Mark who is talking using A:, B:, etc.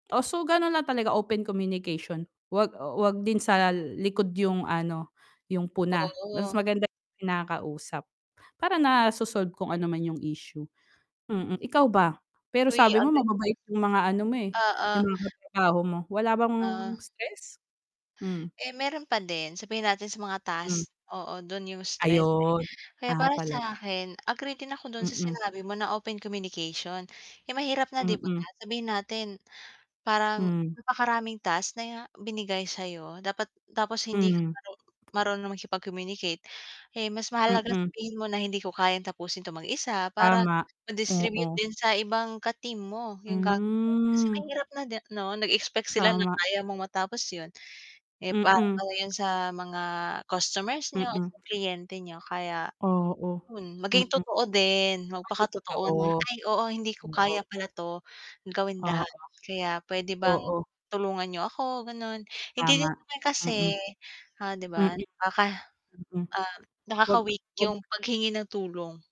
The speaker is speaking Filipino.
A: Oh, so gano'n lang talaga open communication huwag, oh, huwag din sa likod 'yong ano 'yong puna mas
B: Oo.
A: maganda kinakausap para naso-solve kung ano man yung issue, mm. Ikaw ba pero
B: Hoy
A: sabi mo
B: [unintelligible]
A: mababait 'yong mga ano mo, eh, 'yong
B: Oo.
A: mga katrabaho mo wala bang
B: Ah.
A: stress? Hm.
B: Eh, meron pa din sabihin natin sa mga
A: Hmm.
B: task, oo, dun yung stress, eh,
A: Ayun.
B: kaya
A: Ah,
B: para
A: talaga?
B: sa akin agree din ako dun sa
A: Mm.
B: sinabi mo na open communication. Eh, mahirap nga 'di ba.
A: Mm.
B: Sabihin natin parang
A: Hmm.
B: napakaraming task na binigay sayo dapat tapos hindi
A: Mhm.
B: maru marunong siya makipag-communicate, eh, mas mahalaga
A: Mm.
B: sabihin mo na hindi ko kayang tapusin to mag-isa para
A: Tama,
B: ma distribute
A: oo.
B: din sa ibang ka team mo yung gagawin kasi
A: Hmm.
B: mahirap na 'di no nag-expect sila na
A: Tama,
B: kaya mong matapos yun. Eh, para lang
A: mm.
B: yun sa mga customers niyo o
A: Mm.
B: sa kliyente niyo kaya
A: Oo,
B: yun maging
A: mm.
B: totoo din
A: Ay yung
B: magpakatotoo
A: totoo,
B: na, "Ay oo hindi ko
A: oo.
B: kaya pala 'to gawin lahat
A: Oo,
B: kaya pwede bang
A: oo.
B: tulungan niyo ako." ganon, hindi din
A: Tama,
B: naman kasi,
A: mm.
B: ah, di
A: Mm.
B: ba. Ah, ka
A: Mm.
B: ah
A: Wag
B: nakaka-weak
A: wag
B: yung paghingi ng tulong.